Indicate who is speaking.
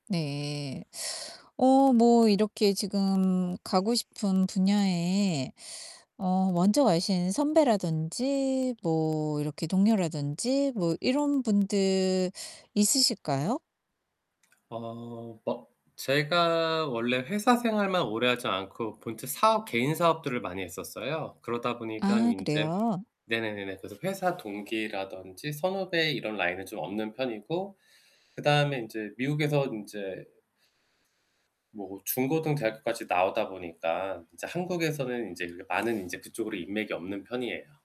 Speaker 1: 네. 어 뭐 이렇게 지금 가고 싶은 분야에 어 먼저 가신 선배라든지 뭐 이렇게 동료라든지 뭐 이런 분들 있으실까요?
Speaker 2: 어. 어 제가 원래 회사 생활만 오래하지 않고 본체 사업, 개인사업들을 많이 했었어요. 그러다 보니깐
Speaker 1: 아
Speaker 2: 인제
Speaker 1: 그래요?
Speaker 2: 네네네네 그래서 회사 동기라든지 선후배 이런 라인은 좀 없는 편이고 그 다음에 인제 미국에서 인제 뭐 중고등 대학교까지 나오다 보니까 인제 한국에서는 인제 그게 많은 인제 그쪽으로 인맥이 없는 편이에요.